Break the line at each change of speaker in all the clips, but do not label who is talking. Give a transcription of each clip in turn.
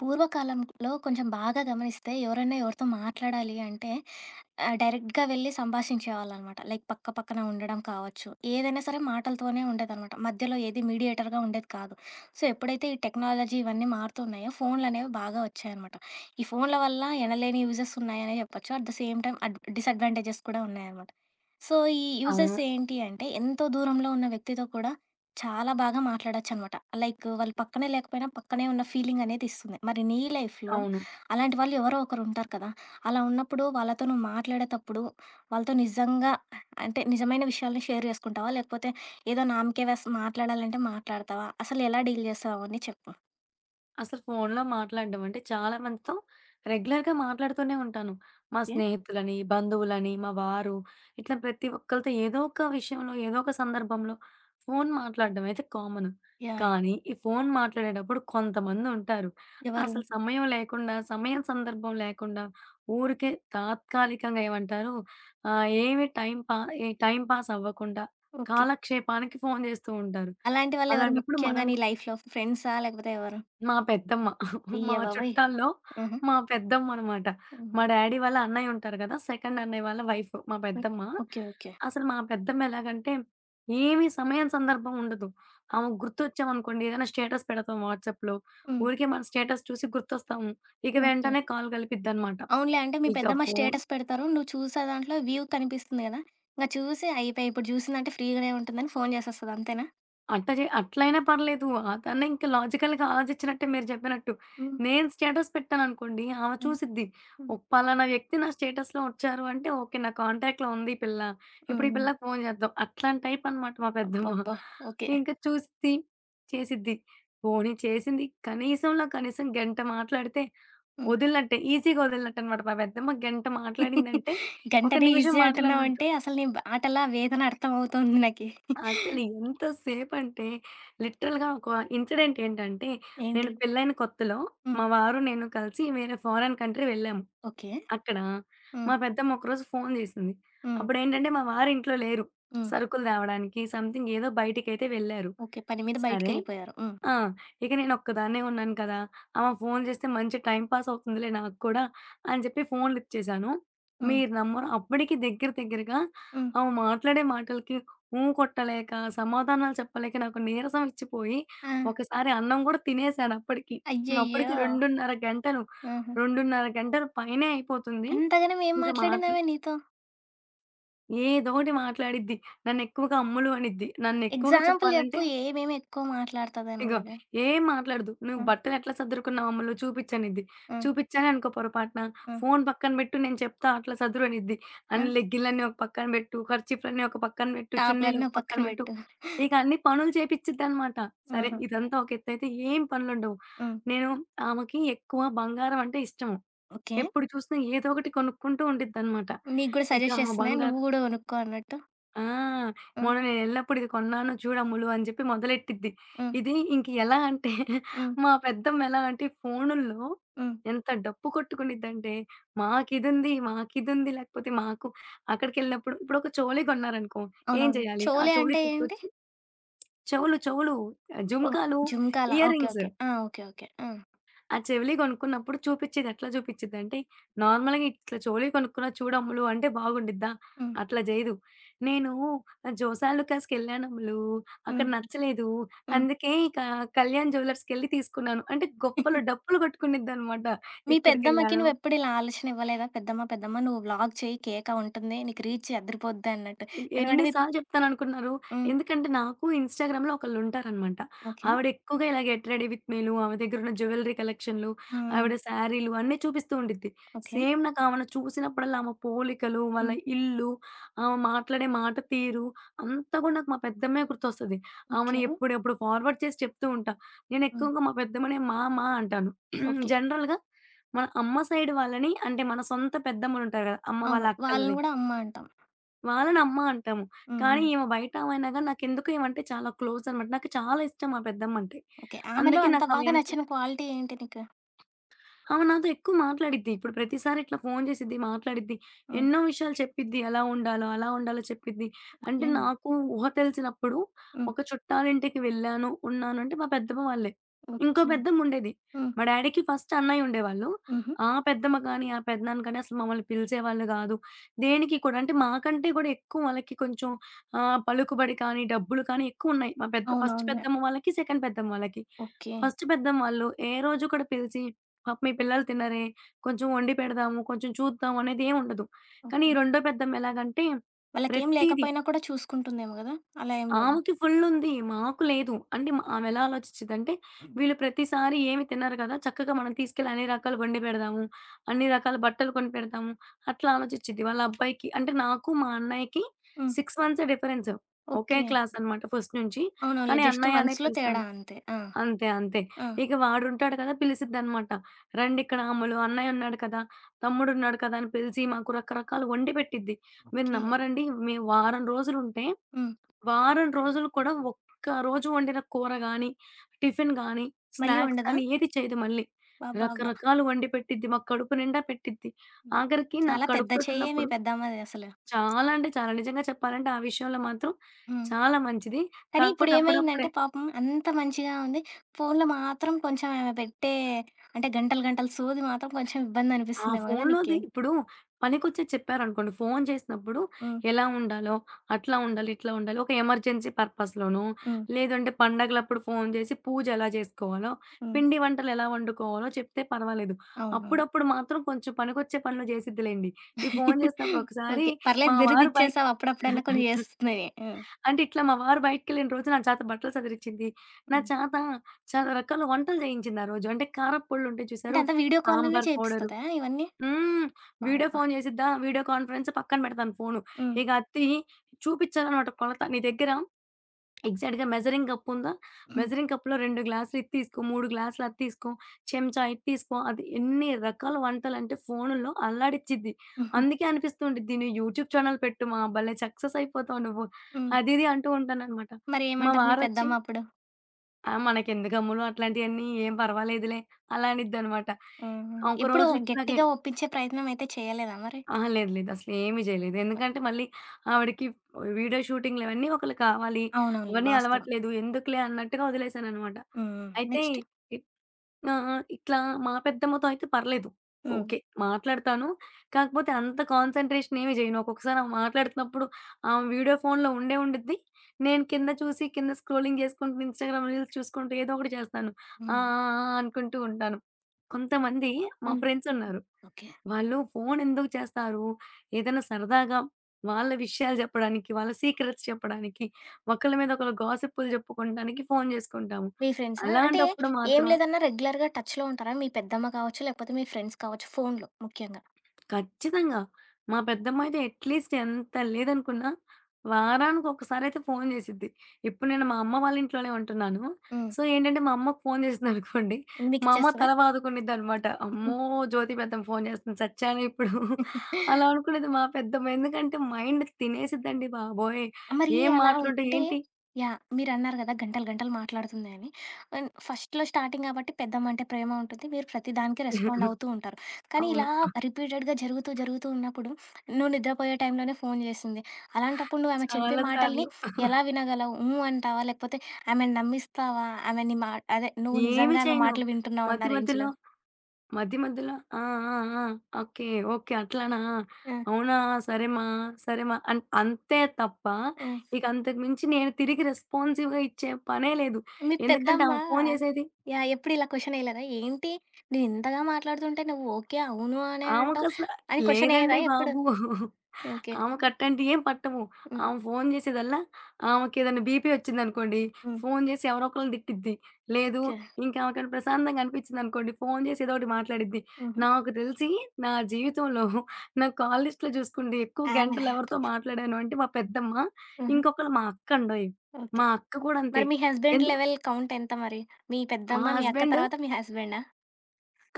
పూర్వకాలంలో కొంచెం బాగా గమనిస్తే ఎవరైనా ఎవరితో మాట్లాడాలి అంటే ఆహ్, డైరెక్ట్‌గా వెళ్లి సంభాషించేవాళ్ళనమాట. లైక్ పక్క పక్కన ఉండడం కావచ్చు. ఏదైనా సరే మాటలతోనే ఉండేదనమాట. మధ్యలో ఏది మీడియేటర్‌గా ఉండేది కాదు. సో, ఎప్పుడైతే ఈ టెక్నాలజీ ఇవన్నీ మారుతూ ఉన్నాయో ఫోన్లనేవి బాగా ఒచ్చాయనమాట. ఈ ఫోన్ల వల్ల ఎనలేని యూజెస్ ఉన్నాయనే జెప్పొచ్చు. అట్ ది సేమ్ టైమ్ అడ్ డిసడ్వాంటేజెస్ కూడా ఉన్నాయనమాట. సో, ఈ
అవును.
యూజెస్ ఏంటి అంటే, ఎంతో దూరంలో ఉన్న వ్యక్తితో కూడా చాలా బాగా మాట్లాడచ్చనమాట. లైక్ వాళ్ళు పక్కనే లేకపోయినా, పక్కనే ఉన్న ఫీలింగనేది ఇస్తుంది. మరి నీ లైఫ్‌లో
అవును.
అలాంటి వాళ్ళు ఎవరో ఒకరుంటారు కదా! అలా ఉన్నప్పుడు వాళ్ళతో నువ్వు మాట్లాడేతప్పుడు. వాళ్ళతో నిజంగా అంటే నిజమైన విషయాలను షేర్ చేసుకుంటావా? లేకపోతే ఏదో నామకే వాస్త్ మాట్లాడాలంటే మాట్లాడతావా? అసలెలా డీల్ చేస్తావావు అవన్నీ చెప్పు?
అసలు ఫోన్లో మాట్లాడడం అంటే చాలామందితో రెగ్యులర్‌గా మాట్లాడుతూనే ఉంటాను. మా
ఓకే.
స్నేహితులని, బంధువులని, మా వారు ఇట్లా ప్రతి ఒక్కళ్ళతో ఏదో ఒక విషయంలో ఏదోక సందర్భంలో ఫోను మాట్లాడడం అయితే కామను.
యాహ్! యాహ్!
కానీ ఈ ఫోను మాట్లాడేటప్పుడు కొంతమందుంటారు.
ఎవరు?
అసలు సమయం లేకుండా సమయం సందర్భం లేకుండా ఊరికే తాత్కాలికంగా ఏమంటారు? ఆహ్, ఏమి టైం పా ఏ టైమ్ పాాస్ అవ్వకుండా,
ఓకే.
కాలక్షేపానికి ఫోను జేస్తూ ఉంటారు.
అలాంటి వాళ్ళు ఎవరు
అలాంటప్పుడు మనం
ముఖ్యంగాని లైఫ్‌లో ఫ్రెండ్సా? లేకపోతే ఎవరు?
మా పెద్దమ్మ. మా
అయ్య బాబోయ్!
చుట్టాల్లో
హుహు.
మా పెద్దమ్మ అనమాట. మా
హుహు.
డ్యాడీ వాళ్ళ అన్నయ్య ఉంటారు కదా! సెకండ్ అన్నయ్య వాళ్ళ వైఫు. మా పెద్దమ్మ.
ఓకే. ఓకే.
అసలు మా పెద్దమ్మెలాగంటే, ఏమి సమయం సందర్భం ఉండదు. ఆమెకు గుర్తొచ్చామనుకోండి ఏదైనా స్టేటస్ పెడతాం వాట్సాప్‌లో.
హ్మ్.
ఊరికే మన స్టేటస్ చూసి గుర్తొస్తాము. ఇక
ఓకే.
వెంటనే కాల్ కలిపిద్దనమాట.
అవునులే అంటే మీ
ఇక
పెద్దమ్మ
ఫోను
స్టేటస్ పెడతారు. నువ్వు చూసే దాంట్లో వ్యూ కనిపిస్తుంది కదా! ఇంక చూసి అయిపేయి. ఇప్పుడు చూసిందంటే ఫ్రీగానే ఉంటుందని ఫోను జేసేస్తది అంతేనా?
అట్టా జే అట్లయినా పర్లేదు. అదన్న ఇంక లాజికల్‌గా ఆలోచించినట్టే మీరు చెప్పినట్టు.
హ్మ్.
నేను స్టేటస్ పెట్టాననుకోండి ఆమె
హ్మ్.
చూసిద్ది.
హ్మ్.
ఓ పలానా వ్యక్తి నా స్టేటస్‌లో వచ్చారు అంటే, ఓకే. నా కాంటాక్ట్‌లో ఉంది ఈ పిల్ల. ఇప్పుడు ఈ
హుహు.
పిల్లకి ఫోను చేద్దాం. అట్లాంటి టైపనమాట మా పెద్దమ్మ.
అబ్బబ్బా! ఓకే.
ఇంకా చూసిద్ది, చేసిద్ది. పోనీ చేసింది కనీసంలో కనీసం గంట మాట్లాడితే,
హ్మ్.
వదిలినట్టే ఈజీగా వదిలినట్టనమాట. మా పెద్దమ్మా గంట మాట్లాడిందంటే ఒక
గంటనే
నిమిషం
ఈజీ
మాట్లాడినట్టు.
అంటున్నావంటే, అసలు నీ మాటలా వేదన అర్థమవుతుంది నాకి.
అసలు ఇంతసేపంటే, లిటరల్‌గా ఒక ఇన్సిడెంటేంటంటే, నేను
ఏంటి?
పెళ్ళైన కొత్తలో, మా
హ్మ్.
వారు నేను కలిసి వేరే ఫారెన్ కంట్రీ వెళ్ళాము.
ఓకే.
అక్కడ, మా
హ్మ్.
పెద్దమ్మ ఒకరోజు ఫోను చేసింది.
హ్మ్.
అప్పుడేంటంటే, మా వారు ఇంట్లో లేరు.
హ్మ్.
సరుకులు తేవడానికి సమ్‌థింగ్ ఏదో బయటికైతే వెళ్లారు.
ఓకే. పని మీద
సరే
బయటికెళ్ళిపోయారు. హ్మ్.
ఆ! ఇక నేను ఒక్కదాన్నే ఉన్నాను కదా! ఆమె ఫోను చేస్తే మంచి టైమ్ పాస్ అవుతుందిలే నాకు కూడా, అని చెప్పి ఫోను లిఫ్ట్ చేశాను.
హ్మ్.
మీరు నమ్మరు, అప్పటికి దగ్గర, దగ్గరగా
హ్మ్.
ఆమె మాట్లాడే మాటలకి ఊ కొట్టలేక, సమాధానాలు చెప్పలేక నాకు నీరసం ఒచ్చిపోయి,
ఆ!
ఒకసారి అన్నం గూడా తినేసాను అప్పటికి. అప్పటికి
అయ్యయ్యో!
2 ½ గంటలు
హుహు.
2 ½ గంటలు పైనే అయిపోతుంది.
అంతగానేం
ఇంకా మాటల్
మాట్లాడిందమే నీతో?
ఏదోటి మాట్లాడిద్ది. నన్ను ఎక్కువగా "అమ్ములు" అనిద్ది. నన్నెక్కువగా
ఎగ్జాంపుల్
చెప్పాలంటే
చెప్పు ఏమేమి ఎక్కువ
ఇగో
మాట్లాడతదనిలాగా.
ఏం మాట్లాడదు, "నువ్వు
హ్మ్.
బట్టను ఎట్లా సర్దురుకున్నావు అమ్మల్లు" చూపించనిద్ది.
హ్మ్.
చూపించానే అనుకో పొరపాట్న.
హ్మ్.
"ఫోను పక్కన పెట్టు, నేను చెప్తా అట్లా సదురు" అనిద్ది.
ఆ!
"అన్నిలెగ్గిన్లని ఒక పక్కన పెట్టు, ఖర్చిప్లన్ని ఒక పక్కన పెట్టు, చున్నీళ్లు
టాప్లన్ని
ఒక
ఓ
పక్కన
పక్కన
పెట్టు."
పెట్టు.
ఇక అన్ని పనులు చేపించిద్దనమాట. సరే,
హుహు.
ఇదంతా ఒక ఎతైతే, ఏం పనులు ఉండవు.
హ్మ్.
నేను ఆమెకి ఎక్కువ బంగారం అంటే ఇష్టము.
ఓకే.
ఎప్పుడు చూసినా, ఏదో ఒకటి కొనుక్కుంటూ ఉండిద్దనమాట.
నీకు కూడా
ఇకా
సజెస్ట్
ఆమ
చేస్తున్నా ఎంటి,
బంగా
నువ్వు కూడా కొనుక్కో అన్నట్టు?
ఆ!
హ్మ్.
"మొన్న నేను ఎళ్ళప్పుడు ఇది కొన్నాను చూడములు" అని చెప్పి మొదలెట్టిద్ది.
హ్మ్.
ఇది ఇంక ఎలా అంటే
హ్మ్.
మా పెద్దమ్మెలా అంటే ఈ ఫోనుల్లో,
హ్మ్.
ఎంత డప్పు కొట్టుకునిద్దంటే "మాకిదుంది, మాకిదుంది లేకపోతే మాకు అక్కడికెళ్ళినప్పుడు" ఇప్పుడొక చెవులయి కొన్నారనుకో, ఏం
అవునవును.
చేయాలి? ఆ
చోలే అంటే
చెవులయి
ఏంటి?
తీసుకొచ్చి చెవులు చెవులు.
ఓహ్!
జుంకాలు,
జుంకాల. ఓకే.
ఇయరింగ్స్.
ఓకే. ఆ! ఓకే. ఓకే. ఆ!
ఆ! చెవిలియి కొనుక్కున్నప్పుడు చూపించేది ఎట్లా చూపించిదింటే, నార్మల్‌గా ఇట్లా చెవిలియి కొనుక్కున్న చూడమ్ములు అంటే బాగుండిద్దా?
హ్మ్.
అట్లా చేయదు. "నేనూ జోసాలుకాస్కిళ్ళానమ్ములు,
హుహు.
అక్కడ నచ్చలేదు.
హ్మ్.
అందుకే ఇక కళ్యాణ్ జువెలర్స్‌కెళ్ళి తీసుకున్నాను." అంటే గొప్పలు, డప్పులు కొట్టుకునిద్దనమాట.
మీ పెద్దమ్మకి
ఎక్కడికెళ్ళాను
నువ్వెప్పుడు ఇలా ఆలోచన ఇవ్వలేదా? పెద్దమ్మా పెద్దమ్మా? నువ్వు వ్లాగ్ చెయి కేక ఉంటుంది. నీకు రీచ్ అదరిపోద్ది అన్నట్టు.
ఎన్
ఎందుకంటే
ఎన్ని
మీ
సార్లు చెప్తానునుకున్నారు.
హ్మ్.
ఎందుకంటే, నాకు ఇన్స్‌టాగ్రామ్‌లో ఒకళ్ళు ఉంటారనమాట.
ఓకే.
ఆవిడెక్కువగా ఇలా గేట్ రెడి విత్ మీలు, ఆమె దగ్గర ఉన్న జ్యువెలరీ కలెక్షన్లు,
హ్మ్.
ఆవిడ
హ్మ్.
శారీలు అన్నీ చూపిస్తూ ఉండిద్ది.
ఓకే.
సేమ్ నాకు ఆమెన చూసినప్పుడల్లా ఆమె పోలికలు, వాళ్ళ
హ్మ్.
ఇల్లు, ఆమె మాట్లాడే మాట తీరు, అంతా కూడా నాకు మా పెద్దమ్మే గుర్తొస్తది. ఆమెని
ఓకే.
ఎప్పుడు ఎప్పుడు ఫార్వర్డ్ చేసి చెప్తూ ఉంటా. నేను
హ్మ్.
ఎక్కువగా మా పెద్దమ్మనే మా మా అంటాను.
ఓకే.
జనరల్‌గా మన అమ్మ సైడ్ వాళ్ళని, అంటే, మన సొంత పెద్దమ్మలు ఉంటారు కదా! అమ్మ వాళ్ళ
అవును. వాళ్ళని
అక్కలని.
కూడా అమ్మ అంటాం.
వాళ్ళనమ్మా అంటాము.
హ్మ్.
కానీ,
హ్మ్.
ఇమే బయట ఆమె అయినా గాని, నాకెందుకో ఈమంటే చాలా క్లోజ్ అనమాట. నాకు చాలా ఇష్టం మా పెద్దమ్మ అంటే.
ఓకే. ఆమెలో
అందుకే
అంత
నాకు ఆమె
బాగా
ఎంత
నచ్చిన క్వాలిటీ ఏంటి నీకు?
ఆమ నాతో ఎక్కువ మాట్లాడిద్ది. ఇప్పుడు ప్రతిసారి ఇట్లా ఫోను చేసిద్ది మాట్లాడిద్ది.
హ్మ్.
ఎన్నో విషయాలు చెప్పిద్ది. ఎలా ఉండాల అలా ఉండాల చెప్పిద్ది. అంటే
ఓకే.
నాకు ఊహ తెలిసినప్పుడు
హ్మ్.
ఒక చుట్టాలింటికి వెళ్ళాను, ఉన్నానంటే మా పెద్దమ్మ వాళ్ళే. ఇంకో
ఓకే.
పెద్దమ్ముండేది.
హ్మ్.
మా డ్యాడీకి ఫస్ట్ అన్నయ్య ఉండేవాళ్ళు.
హుహు.
ఆ పెద్దమ్మ గాని, ఆ పెద్దనాన్న గాని అసలు మమ్మల్ని పిలిసేవాళ్ళు గాదు. దేనికి కూడా అంటే మాకంటే కూడా ఎక్కువ వాళ్ళకి కొంచెం ఆహ్, పలుకుబడి కానీ, డబ్బులు కానీ ఎక్కువున్నాయి. మా పెద్ద ఫస్ట్
అవునవునులే!
పెద్దమ్మ వాళ్ళకి, సెకండ్ పెద్దమ్మ వాళ్ళకి.
ఓకే.
ఫస్ట్ పెద్దమ్మ ఆళ్ళు ఏ రోజు కూడా పిలిచి పాపం మీ పిల్లలు తినరే కొంచెం వండి పెడదాము, కొంచెం చూద్దాం అనేదేమి ఉండదు. కానీ ఈ
ఓకే.
రెండో పెద్దమ్మ ఎలాగంటే,
వాళ్ళకేం
ప్రతీది
లేకపోయినా కూడా చూసుకుంటుందేమో గదా! అలా ఏం లేదు.
ఆమెకి ఫుల్ ఉంది. మాకు లేదు. అంటే మా ఆమెలా ఆలోచిచ్చిదంటే
హ్మ్.
వీళ్ళు ప్రతిసారి ఏమి తినరు గదా! చక్కగా మనం తీసుకెళ్ళి అన్ని రకాలు ఒండి పెడదాము. అన్ని రకాల బట్టలు కొనిపెడతాము. అట్లా ఆలోచిచ్చిద్ది. వాళ్ళబ్బాయికి అంటే నాకు మా అన్నయ్యకి
హ్మ్.
6 మంత్సే డిఫరెన్స్. ఒకే
ఓకే.
క్లాస్ అనమాట ఫస్ట్ నుంచి.
అవునవునులే
కానీ
జస్ట్
అన్నయనే
మంత్స్‌లో
పిలుస్తాను.
తేడా అంతే. ఆ!
అంతే అంతే.
ఆ!
ఇక వాడుంటాడు గదా! పిలిసిద్దనమాట. రండిక్కడ అమ్ములు అన్నయ్య ఉన్నాడు కదా! తమ్ముడు ఉన్నాడు కదా! అని పిలిసి మాకు రకరకాలు వండి పెట్టిద్ది. మీరు
ఓకే.
నమ్మరండి మేం వారం రోజులుంటే,
హ్మ్.
వారం రోజులు కూడా ఒక్క రోజు వండిన కూర గాని, టిఫిను గానీ,
మళ్ళీ
స్నాక్స్
ఒండదా?
గాని ఏది చేయదు మళ్ళీ.
బబ్బాబ్బా!
రకరకాలు వండి పెట్టిద్ది. మాకు కడుపు నిండా పెట్టిద్ది.
హ్మ్.
ఆగరికి నాకు
చాలా పెద్ద
కడుపుతోటి
చెయ్యే మీ
ఉన్నప్పుడు
పెద్దమ్మది అసలు.
చాలా అంటే చాలా నిజంగా చెప్పాలంటే ఆ విషయంలో మాత్రం
హ్మ్.
చాలా మంచిది.
కానీ
కాకపోతే అప్పుడప్పుడే
ఇప్పుడేమైందంటే పాపం అంత మంచిగా ఉంది. ఫోను‌లో మాత్రం కొంచెం ఆమె పెట్టే అంటే గంటలు గంటలు సోది మాత్రం కొంచెం ఇబ్బంది
ఆ!
అనిపిస్తుందేమో కదా నీకి?
ఫోను‌లోది ఇప్పుడు పనికొచ్చే చెప్పారనుకోండి. ఫోను చేసినప్పుడు
హ్మ్.
ఎలా ఉండాలో, అట్లా ఉండాలి, ఇట్లా ఉండాలి ఒక ఎమర్జెన్సీ పర్పస్‌లోనొ,
హ్మ్.
లేదంటే పడుగలప్పుడు ఫోను జేసి పూజ ఎలా జేసుకోవాలో,
హ్మ్.
పిండి వంటలు ఎలా వండుకోవాలో చెప్తే పర్వాలేదు.
అవునవును.
అప్పుడప్పుడు మాత్రం కొంచెం పనికొచ్చే పనులు చేసిద్దిలెండి. ఈ ఫోను చేసినప్పుడు ఒకసారి
ఓకే. పర్లేదు
మా వారు బయ
బిరుదిచ్చేసావు అప్పుడప్పుడన్నా కొన్ని చేస్తున్నాయి. ఆ!
అంటే ఇట్లా మా వారు బయటికకెళ్ళిన రోజు నా చాత బట్టలు సదిరిచింది. నా
హ్మ్.
చాత చాలా రకాల వంటలు జేయించింది ఆరోజు. అంటే కార పొళ్లు ఉంటాయి
అంటే
చూసారు.
అంత వీడియో కాల్ లోనే
సాంబార్ పౌడర్.
చేపిస్తదా ఇవన్నీ?
హ్మ్. వీడియో
వాయబ్బా!
ఫోను జేసిద్దా వీడియో కాన్ఫరెన్స్ పక్కన పెడతాను ఫోను.
హ్మ్.
ఇగ అదతీయి చూపిచ్చాలనమాట కొలత నీ దెగ్గర ఎగ్జాక్ట్‌గా మెజరింగ్ గప్పుందా?
హ్మ్.
మెజరింగ్ కప్పులో 2 గ్లాసులు ఇది తీసుకో, 3 గ్లాసులు అది తీసుకో చెంచా ఇది తీసుకో అది ఎన్ని రకాల వంటలంటే ఫోను‌ల్లో అల్లాడిచ్చిద్ది.
హుహు.
అందుకే అనిపిస్తూ ఉండిద్ది నువ్వు యూట్యూబ్ ఛానెల్ పెట్టు మా భల్లే సక్సెస్ అయిపోతావు నువ్వు.
హ్మ్.
అది ఇది అంటూ ఉంటాననమాట.
మరి
మా
ఏమంటారు మీ
వారొచ్చి
పెద్దమ్మ అప్పుడు?
"ఆ! మనకెందుకు అమ్ములు అట్లాంటియన్నీ ఏం పర్వాలేదులే," అలా అనిద్దనమాట.
హుహు. ఎప్పుడు
ఒకరోజు ఇట్లాగే
గట్టిగా ఒప్పించే ప్రయత్నమయితే చేయలేదా మరి?
అహా! లేదు, లేదు. అసలేమీ చేయలేదు. ఎందుకంటే మళ్ళీ ఆవిడకి వ్ వీడియో షూటింగ్లవన్నీ ఒకళ్ళు కావాలి.
అవునవునులే.
అవన్నీ
వాస్తవం.
అలవాట్లేదు. ఎందుకులే అన్నట్టుగా వదిలేశాననమాట.
హ్మ్, హ్మ్.
అయితే
నెక్స్టు?
ఇ ఆ! ఆ! ఇట్లా మా పెద్దమ్మతో అయితే పర్లేదు.
హ్మ్.
ఓకే, మాట్లాడతాను. కాకపోతే అంత కాన్సంట్రేషనేమీ చేయను. ఒక్కొక్కసారి ఆమె మాట్లాడుతున్నప్పుడు ఆమె వీడియో ఫోనులో ఉండే ఉండుద్ది. నేను కింద చూసి, కింద స్క్రూలింగ్ చేసుకుంటూ ఇన్‌స్టాగ్రామ్ రీల్స్ చూసుకుంటూ ఏదో ఒకటి చేస్తాను. ఆ!
హ్మ్.
ఆ! ఆ! అనుకుంటూ ఉంటాను. కొంతమంది మా
హ్మ్.
ఫ్రెండ్సున్నారు.
ఓకే.
వాళ్ళు ఫోను ఎందుకు చేస్తారు, ఏదైనా సరదాగా, వాళ్ళ విషయాలు చెప్పడానికి, వాళ్ళ సీక్రెట్స్ చెప్పడానికి, ఒకళ్ళ మీద ఒకళ్ళ గాసిప్పులు చెప్పుకుడానికి ఫోను చేసుకుంటాము.
మీ ఫ్రెండ్సా? అంటే
అలాంటప్పుడు
ఏం
మాత్రం
లేదన్నా రెగ్యులర్‌గా టచ్‌లో ఉంటారా? మీ పెద్దమ్మ కావచ్చు, లేకపోతే మీ ఫ్రెండ్స్ కావచ్చు, ఫోన్‌‌లో ముఖ్యంగా.
ఖచ్చితంగా. మా పెద్దమ్మాయితో అట్లీస్ట్ ఎంత లేదనుకున్నా, వారానికొకసారయితే ఫోను చేసిద్ది. ఇప్పుడు నేను మా అమ్మ వాళ్ళింట్లోనే ఉంటున్నాను.
హ్మ్.
సో, ఏంటంటే మా అమ్మకి ఫోను చేసిందనుకోండి, మా అమ్మ
మికిచ్చేస్తదా?
తల బాదుకునిదినమాట. అమ్మో! జ్యోతి పెద్దమ్మ ఫోను చేస్తుంది సచ్యానే ఇప్పుడు. అలా అనుకునేది మా పెద్దమ్మ. ఎందుకంటే మైండ్ తినేసిద్దండి బాబోయ్!
మరి
ఏం
అలా
మాటలుంటాయి
ఉంటే
ఏంటి
యాహ్! మీరన్నారు కదా గంటలు, గంటలు మాట్లాడుతుంది అని. అండ్ ఫస్ట్‌లో స్టార్టింగ్ గాబట్టి, పెద్దమ్మంటే ప్రేమ ఉంటుంది. మీరు ప్రతి దానికి రెస్పాండవుతూ ఉంటారు. కానీ,
అవును.
ఇలా
ఆ!
రిపీటెడ్‌గా జరుగుతూ, జరుగుతూ ఉన్నప్పుడు నువ్వు నిద్రపోయే టైంలోనే ఫోను చేసింది. అలాంటప్పుడు నువ్వు ఆమె చెప్పే
చాలా
మాటల్ని
సార్లు.
ఎలా వినగలవు? హ్మ్, అంటావా? లేకపోతే ఆమెని నమ్మిస్తావా? ఆమె నీ మా అదే నువ్వు
ఏమి
నిజంగా ఆమె
చేయను.
మాటలు
మధ్య,
వింటున్నావున్నా
మధ్యలో
రేంజ్‌లో?
మధ్య మధ్యలో, ఆ! ఆ ఆ! Okay, okay. అట్లనా,
ఆ!
అవునా సరేమా, సరేమా అన్ అంతే తప్ప,
ఆ!
ఇకంతకు మించి నేను తిరిగి రెస్పాన్సివ్‌గా ఇచ్చే పనే లేదు.
మీ
ఎందుకంటే
పెద్దమ్మా
ఆమె ఫోను చేసేది
యాహ్! ఎప్పుడు ఇలా క్వెషనెయ్యలేదా? ఏంటి, నేను ఇంతగా మాట్లాడుతుంటే నువ్వు ఓకే, అవును అనే అంటావు,
ఆమెకసల
అని
లేదండి
క్వెషనెయ్యదా ఎప్పుడు?
బాబు.
ఓకే.
ఆమెకు అట్టాంటియేం పట్టవు.
హ్మ్.
ఆమె ఫోను చేసేదల్లా ఆమెకెదైన్న బీపీ ఒచ్చిందనుకోండి.
హ్మ్.
ఫోను చేసి ఎవరో ఒకకళ్ళని తిట్టిద్ది. లేదు,
ఓకే.
ఇంకా ఆమెకేమన్న ప్రశాంతంగా అనిపించిందనుకోండి, ఫోను చేసి ఏదో ఒకటి మాట్లాడిద్ది.
హుహు.
నాకు తెలిసి, నా జీవితంలో నా కాల్‌ లిస్ట్‌లో చూసుకుండి ఎక్కువ గంటలు ఎవరితో
[unintelligible]
మాట్లాడాను అంటే మా పెద్దమ్మ,
హుహు.
ఇంకొకళ్ళ మా అక్కండోయ్.
ఓకే.
మా అక్క కూడా అంతే.
మరి మీ హస్బాండ్
ఎందుకు
లెవెల్ కౌంటెంత మరి? మీ
మా
పెద్దమ్మ, మీ అక్క
హస్బెండు
తర్వాత మీ హస్బాడా?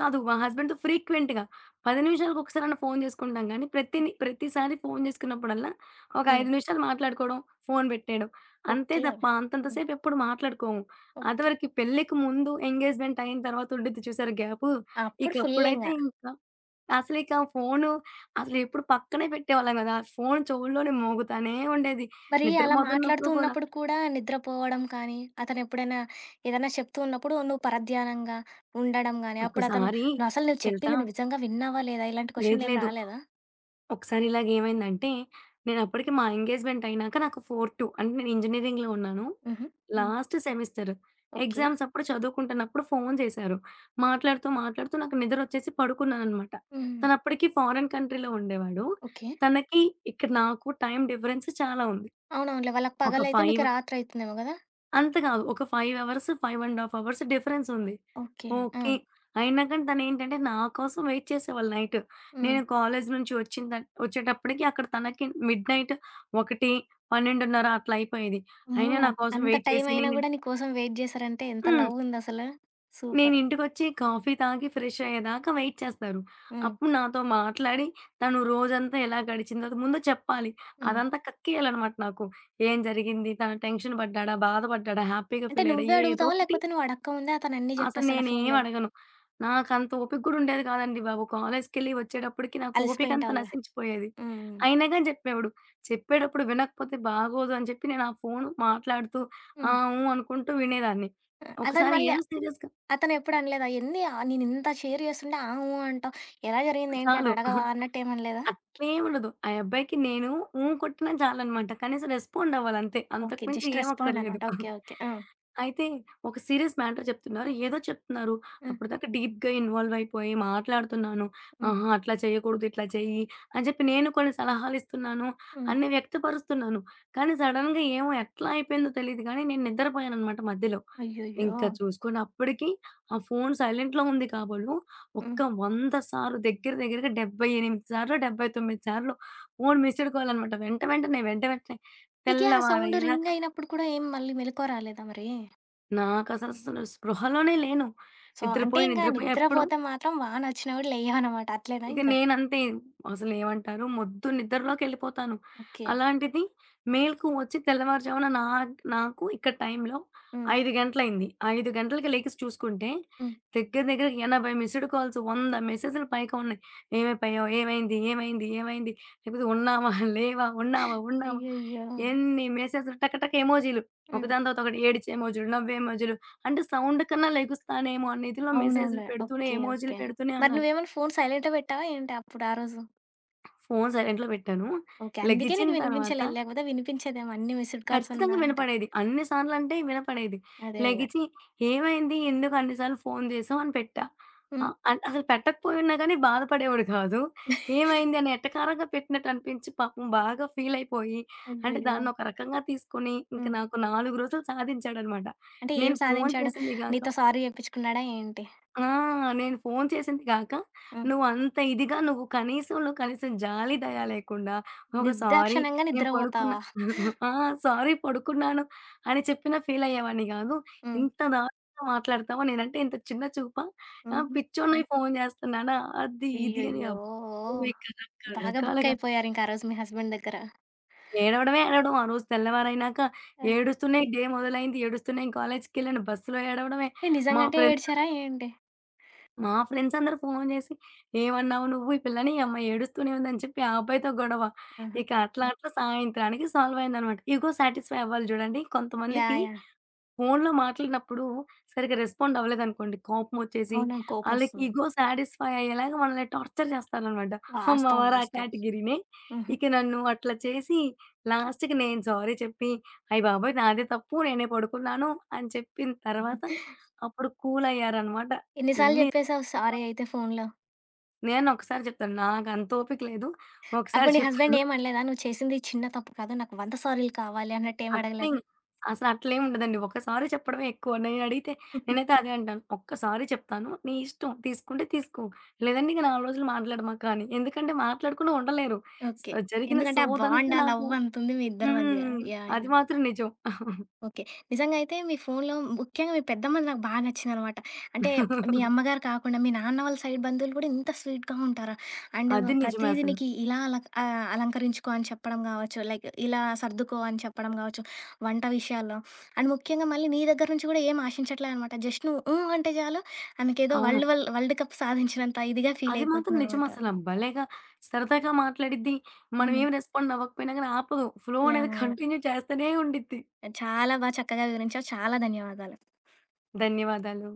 కాదు, మా హస్బెండ్‌తో ఫ్రీక్వెంట్‌గా. 10 నిమిషాలకొకసారన్నా ఫోను చేసుకుంటాంగానీ, ప్రతిని
ఓకే.
ప్రతిసారి ఫోను చేసుకున్నప్పుడల్లా ఒక
హ్మ్.
5 నిమిషాలు మాట్లాడుకోవడం, ఫోను పెట్టేయడం. అంతే
ఓకే.
తప్ప అంతంత
హ్మ్.
సేపు ఎప్పుడు మాట్లాడుకోము.
ఓకే.
అదివరకి పెళ్ళికి ముందు, ఎంగేజ్మెంటయిన తర్వాత ఉండిద్ది చూసారు గ్యాపు. ఇక
అప్పుడు ఫుల్లింగ.
అప్పుడైతే ఇంకా, అసలు ఇక ఫోను అసలు ఎప్పుడు పక్కనే పెట్టేవాళ్ళం గాదు. ఆ ఫోను చోవుల్లోనే మోగుతానే ఉండేది.
మరి,
నిద్ర
అలా మాట్లాడుతూ
పోతున్నప్పుడు కూడా.
ఉన్నప్పుడు కూడా నిద్రపోవడం కానీ, అతను ఎప్పుడైనా ఏదైనా చెప్తూ ఉన్నప్పుడు, నువ్వు పరధ్యానంగా ఉండడం గాని, అప్పుడతను
ఒక్కసారి,
నువ్వు అసలు నువ్వు
తెలుసా?
చెప్పింది నువ్వు విజంగా విన్నావా, లేదా ఇలాంటి
లేదు,
క్వెషన్లేమి
లేదు.
రాలేదా?
ఒకసారి ఇలాగేమైందంటే, నేనప్పటికి మా ఎంగేజ్మెంటయినాక నాకు 4-2 అంటే నేను ఇంజినీరింగ్‌లో ఉన్నాను.
హుహు, హ్మ్.
Last semester.
ఓకే.
ఎగ్జామ్సప్పుడు, చదువుకుంటున్నప్పుడు ఫోను చేశారు. మాట్లాడుతూ, మాట్లాడుతూ నాకు నిద్రొచ్చేసి పడుకున్నాననమాట.
హుహు.
తనప్పటికి ఫారెన్ కంట్రీలో ఉండేవాడు.
ఓకే.
తనకి ఇక్కడ నాకు టైమ్ డిఫరెన్స్ చాలా ఉంది.
అవునవునులే. వాళ్ళకి
ఒక
పగలయితే, మీకు
5
రాత్రివుతుందేమో గదా!
అంత కాదు. ఒక 5 అవర్స్ 5.30 అవర్స్ డిఫరెన్సుంది.
ఓకే.
ఓకే.
ఆ!
అయినా కానీ తనేంటంటే నాకోసం వెయిట్ చేసేవాళ్ళు నైటు.
హ్మ్.
నేను కాలేజి నుంచి వచ్చిన త ఒచ్చేటప్పటికి అక్కడ తనకి మిడ్ నైటు 1 , 12.30 అట్లా అయిపోయేది. అయినా
ఓహ్!
నాకోసం
అంత
వెయిట్ చేసి
టైమైనా
నేను
కూడా నీకోసం వెయిట్ జేశారంటే ఎంత
హ్మ్.
లవ్వుందసలా? సూపర్.
నేనింటికొచ్చి కాఫీ తాగి ఫ్రెష్షయ్యేదాకా వెయిట్ చేస్తారు.
హ్మ్.
అప్పుడు నాతో మాట్లాడి తను రోజంతా ఎలా గడిచిందో ముందు చెప్పాలి.
హ్మ్.
అదంతా కక్కేయాలనమాట నాకు. ఏం జరిగింది? తను టెన్షన్ పడ్డాడా? బాధపడ్డాడా? హ్యాపీగా
అంటే
ఫీలయ్యాడా
నువ్వే అడుగుతావా?
ఏదోకటి.
లేకపోతే నువ్వడక్కముందే అతనన్నీ
అసలు
జెప్పేస్తాడా ఫోనులో?
నేనేమడగను. నాకంత ఓపిక గూడా ఉండేది కాదండి బాబు! కాలేజికెళ్ళి ఒచ్చేటప్పటికి నాకు ఓపికంత
అలిసిపోయుంటావులే.
నశించిపోయేది.
హ్మ్ హ్మ్.
అయినాగాని జెప్పేవాడు. చెప్పేటప్పుడు వినకపోతే బాగోదు అని జెప్పి నేను ఆ ఫోను మాట్లాడుతూ ఆ,
హ్మ్.
ఊ అనుకుంటూ వినేదాన్ని.
ఆ! అతని
ఒకసారి
మళ్ళీ
ఏదో సీరియస్‌గా
అతను ఎప్పుడనలేదా? ఎంది ఆ నేనింత షేర్ చేస్తుండే ఆ, ఊ అంటావు, ఎలా జరిగింది ఏంటి
చాలు.
అనడగవా? అన్నట్టేమనలేదా?
అట్లేముండదు. ఆ యబ్బాయికి నేను ఊ కొట్టినా చాలనమాట. కనీసం రెస్పాండవ్వాలంతే. అంతకు
ఓకే.
మించి
జస్ట్
ఏం అక్కర్లేదు.
రెస్పాండనమాట. ఓకే. ఓకే. ఆ!
అయితే ఒక సీరియస్ మ్యాటర్ చెప్తున్నారు, ఏదో చెప్తున్నారు.
ఆ!
అప్పటిదాకా డీప్‌గా ఇన్వాల్వయిపోయి మాట్లాడుతున్నాను.
హ్మ్.
ఆహా! అట్లా చేయకూడదు, ఇట్లా చెయ్యి అని చెప్పి నేను కొన్ని సలహాలిస్తున్నాను
హ్మ్.
అన్ని వ్యక్తపరుస్తున్నాను. కానీ సడెన్‌గా ఏమో ఎట్లా అయిపోయిందో తెలీదు కానీ నేను నిద్రపోయాననమాట మధ్యలో. ఇంక
అయ్యయ్యో!
చూసుకోండి, అప్పటికీ ఆ ఫోను సైలెంట్‌లో ఉంది కాబోలు, ఒక
హ్మ్.
వంద సార్లు, దెగ్గర దెగ్గరగా డబ్బై ఎనిమిది సార్లో, డబ్బై తొమ్మిది సార్లో ఫోను మిస్సుడు కాలనమాట. వెంట వెంటనే, వెంట వెంటనే
నికీ ఆ సౌండు
తెల్లవారయ్యేదాకా.
రింగయినప్పుడు కూడా ఏం మళ్ళీ మెలుకువ రాలేదా మరి?
నాకస్ అసలు స్పృహలోనే లేను.
సో, అంటే
నిద్రపోయి,
ఇంగ
నిద్రపోయి ఎప్పుడో
నిద్రపోతే మాత్రం, వానొచ్చినా గూడ లెయ్యవనమాట. అట్లేనా
ఇక
ఇంకా.
నేనంతే. అసలేమంటారు? మొద్దు నిద్రలోకెళ్ళిపోతాను.
ఓకే.
అలాంటిది మేల్కువచ్చి తెల్లవారు జామున నాక్ నాకు ఇక్కడ టైంలో
హ్మ్.
5 గంటలయింది. 5 గంటలకి లెగిసి చూసుకుంటే,
హ్మ్.
దగ్గర దగ్గర 80 మిస్డ్ కాల్స్ 100 మెసేజ్లు పైగా ఉన్నాయి. ఏమైపోయావు? ఏమైంది? ఏమైంది? ఏమైంది? లేకపోతే ఉన్నామా? లేవా? ఉన్నావా? ఉన్నావా?
అయ్యయ్యో!
ఎన్ని మెసేజ్లు టక టక ఎమోజీలు.
హ్మ్.
ఒకదాని తర్వాత ఒకటి ఏడిచే ఎమోజీలు, నవ్వే ఎమోజీలు. అంటే సౌండ్‌కన్నా లెగుస్తానేమో అనే ఇదిలో మెసేజ్లు
అవునవునులే.
పెడుతూనే
ఓకే.
ఎమోజీలు
ఓకే.
పెడుతూనే
మరి
ఉన్నారు.
నువ్వేమన్నా ఫోన్ సైలెంట్‌లో పెట్టావా ఏంటి? అప్పుడు ఆ రోజు?
ఫోను సైలెంట్‌లో పెట్టాను.
ఓకే. అందుకే
లెగిచిన
నీకు
తర్వాత
వినిపించలే. లేకపోతే వినిపించేదేమో అన్ని మిస్డ్
ఖచ్చితంగా
కాల్సున్నా అంటే.
వినపడేది. అన్ని సార్లంటే వినపడేది.
అదే. అదే.
లెగిచి ఏమైంది? ఎందుకన్ని సార్లు ఫోను జేసావు అని పెట్టా.
హ్మ్.
ఆహ్, అం అసలు పెట్టకపోయున్నా గానీ బాధపడేవాడు కాదు. ఏమైంది? అని ఎటకారంగా పెట్టినట్టనిపించి పాపం బాగా ఫీలయిపోయి అంటే
అయ్యయ్యో!
దాన్నొక రకంగా తీసుకొని ఇంక
హ్మ్.
నాకు 4 రోజులు సాధించాడనమాట.
అంటే ఏం
"నేను ఫోను
సాధించాడు?
చేసింది గాక"
నీతో సారీ జెప్పించుకున్నాడా ఏంటి?
ఆ! "నేను ఫోను చేసింది గాక
హ్మ్.
నువ్వంత ఇదిగా నువ్వు కనీసంలో కనీసం జాలి, దయ లేకుండా ఒక సారీ
నిర్దాక్షణ్యంగా
నేను పడుకున్నా
నిద్రపోతావా?
ఆ! సారీ పడుకున్నాను అని చెప్పినా ఫీలయ్యేవాడిని గాదు.
హ్మ్.
ఇంత దారుణంగా మాట్లాడతావా నేనుంటే ఇంత చిన్న చూపా? ఆ!
హుహు.
పిచ్చోణ్ణయి ఫోను చేస్తున్నానా? అది ఇది" అని
అయ్యయ్యో!
అబ్బో! ఇక రక
బాగా
రకాలుగా.
బుక్కయిపోయారింకా రోజు మీ హస్బెండ్ దగ్గర.
ఏడవడమే ఏడవడం. ఆ రోజు తెల్లవారైనాక
ఆ!
ఏడుస్తునే డే మొదలైంది. ఏడుస్తునే కాలేజికెళ్ళాను. బస్సులో ఏడవడమే.
ఏ
మా
నిజంగంటే ఏడ్చారా
ఫ్రెండ్సందరూ...
ఏంటి?
మా ఫ్రెండ్సందరూ ఫోను జేసి "ఏమన్నావు నువ్వు ఈ పిల్లని ఈ అమ్మాయి ఏడుస్తూనే ఉంది" అని చెప్పి ఆ అబ్బాయితో గొడవ.
ఆహా!
ఇక అట్లా అట్లా సాయంత్రానికి సాల్వయిందనమాట. ఇగో సాటిస్ఫై అవ్వాలి జూడండి. కొంతమందికి
యాహ్! యాహ్!
ఫోన్లో మాట్లాడినప్పుడు సరిగ్గా రెస్పాండవ్వలేదనుకోండి. కోపమొచ్చేసి,
అవునండి.
ఆళ్ళకి
కోపమొస్తుంది.
ఇగో సాటిస్ఫై అయ్యేలాగా మనల్ని టార్చర్ జేస్తారనమాట. మా
వాస్తవం.
వారు ఆ
వాస్తవం.
కేటగిరీనే.
హుహు.
ఇక నన్ను అట్లా చేసి లాస్ట్‌కి నేను సారీ చెప్పి, అయ్య బాబోయ్! నాదే తప్పు నేనే పడుకున్నాను అని చెప్పిన తర్వాత, అప్పుడు కూలయ్యారనమాట.
ఎన్ని సార్లు
ఇన్ని
జెప్పేసావు
ఆ!
సారీ అయితే ఫోన్లో.
నేనొక్కసారి చెప్తాను. నాకంత ఓపిక లేదు. ఒకసారి
అప్పుడు నీ హస్బెండ్
చెప్తాను.
ఏమనలేదా? "నువ్వు చేసింది చిన్న తప్పు కాదు. నాకు 100 సారీలు కావాలి" అన్నట్టు ఏం
అట్లిం
అడగలేదా?
అసలు అట్లేముండదండి. ఒక్క సారి చెప్పడమే ఎక్కువ. నేనడిగితే నేనైతే అదే అంటాను. ఒక్క సారి చెప్తాను. నీ ఇష్టం తీసుకుంటే తీసుకో. లేదంటే ఇంక 4 రోజులు మాట్లాడమాక అని. ఎందుకంటే మాట్లాడకుండా ఉండలేరు. So,
okay.
జరిగిన
ఎందుకంటే ఆ
సోదంతా
బాండ్, ఆ
నాకు
లవ్వంతుంది మీ ఇద్దరి మధ్య.
హ్మ్.
యాహ్!
అది
యాహ్!
మాత్రం నిజం.
ఓకే. నిజంగా అయితే మీ ఫోన్లో ముఖ్యంగా మీ పెద్దమ్మది నాకు బా నచ్చిందనమాట. అంటే మీ అమ్మగారు కాకుండా మీ నాన్న వాళ్ళ సైడ్ బంధువులు గూడా ఇంత స్వీట్‌గా ఉంటారా? అండ్
అది నిజమే
ప్రతీది
అసలు.
నీకి ఇలా అల ఆహ్, అలంకరించుకో అని చెప్పడం గావచ్చు. లైక్ ఇలా సర్దుకో అని చెప్పడం గావచ్చు వంట విషయాల్లో. అండ్ ముఖ్యంగా మళ్ళీ నీ దగ్గర నుంచి గూడా ఏం ఆశించట్లేదనమాట. జస్ట్ నువ్వు హ్మ్, అంటే చాలు ఆనకేదో
అవును.
వరల్డ్ వల్ వరల్డ్ కప్ సాధించినంత ఇదిగా
అది మాత్రం నిజం
ఫీలయిపోతుందనమాట.
అసల భలేగా సరదాగా మాట్లాడిద్ది. మనం
హ్మ్.
ఏమి రెస్పాండవ్వకపోయినా గానీ ఆపదు. ఫ్లో అనేది
యాహ్! యాహ్!
కంటిన్యూ చేస్తానే ఉండిద్ది.
చాలా బా చక్కగా వివరించావు. చాలా ధన్యవాదాలు.
ధన్యవాదాలు.